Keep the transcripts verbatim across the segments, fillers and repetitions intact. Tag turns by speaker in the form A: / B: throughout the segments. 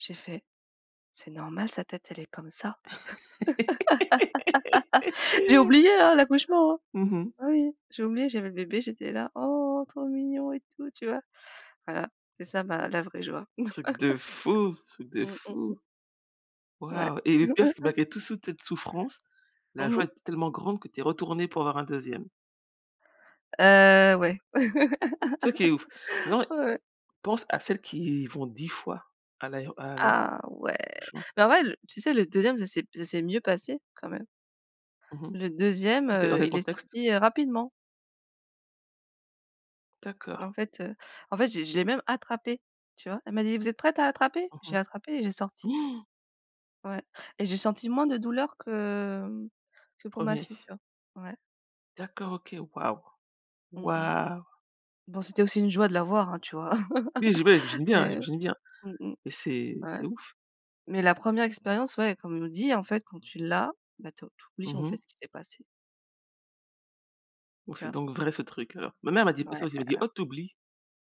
A: J'ai fait: «C'est normal, sa tête elle est comme ça?» J'ai oublié, hein, l'accouchement.
B: Mmh mh.
A: Oui, j'ai oublié, j'avais le bébé, j'étais là: «Oh, trop mignon et tout», tu vois? Voilà, c'est ça, ma la vraie joie.
B: Truc de fou, truc de
A: Mmh mh.
B: fou.
A: Ouais.
B: Waouh et le pire c'est malgré tout sou tette souffrance, la
A: Mmh
B: joie
A: mh.
B: était tellement grande que tu es retournée pour avoir un deuxième
A: Heu, ouais.
B: c'est ça qui est ouf. Non,
A: Ouais.
B: pense à celles qui y vont dix fois à l'aéo à l'a
A: Ah ouais.
B: franchement.
A: Ben en vrai l tu sais le deuxième, ça s'est b ça s'est mieux passé quand même
B: Mmh mh.
A: le deuxième,
B: OK. Dans
A: heu,
B: quel
A: il est
B: contexte?
A: sorti, heu, rapidement
B: D'accord.
A: en fait, heu, en fait, je l'ai je l'ai même attrapé, tu vois? Elle m'a dit: «Vous êtes prête à attraper?» J'ai
B: Mmh
A: attrapé et j'ai sorti.
B: mh.
A: Ouais et j'ai senti moins de douleur que que pour ma
B: Premier.
A: fille, tu vois? Ouais.
B: D'accord OK. Waouh!
A: Mmh mh.
B: Waouh!
A: Bon, c'était aussi une joie de l'avoir, hein, tu vois?
B: Oui j ouais, j'imagine bien,
A: Et heu,
B: j'imagine bien.
A: mmh mh.
B: Et c'est
A: Ouais,
B: c'est ouf.
A: mais la première expérience, ouais, comme on nous dit, en fait, quand tu l'as, ben, to tu oublies,
B: Mmh
A: en fait,
B: mh.
A: ce qui s'est passé
B: Oh,
A: tu
B: c'est
A: vois?
B: donc vrai ce truc, alors. Ma mère m'a dit ça
A: Ouais,
B: aussi, elle m'a dit:
A: aha.
B: «Oh, tu oublies,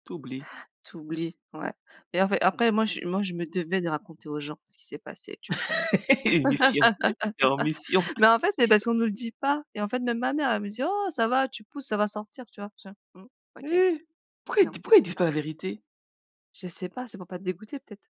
B: tu oublies».
A: Tu oublies, ouais. Et en fait, après moi je moi je me devais de raconter aux gens ce qui s'est passé, tu vois quand même.
B: Une mission, tu es en mission.
A: Mais en fait c'est parce qu'on nous le dit pas. Et en fait, même ma mère, elle me dit: «Oh ça va tu pousses, ça va sortir», tu vois? J'étais là: «Mmh, OK.»
B: Eh. Pourquoi ils
A: Non,
B: d
A: c'est
B: pourquoi ils
A: pas
B: disent pas
A: ça.
B: la vérité?
A: Je sais pas, c'est pour pas te dégoûter peut-être?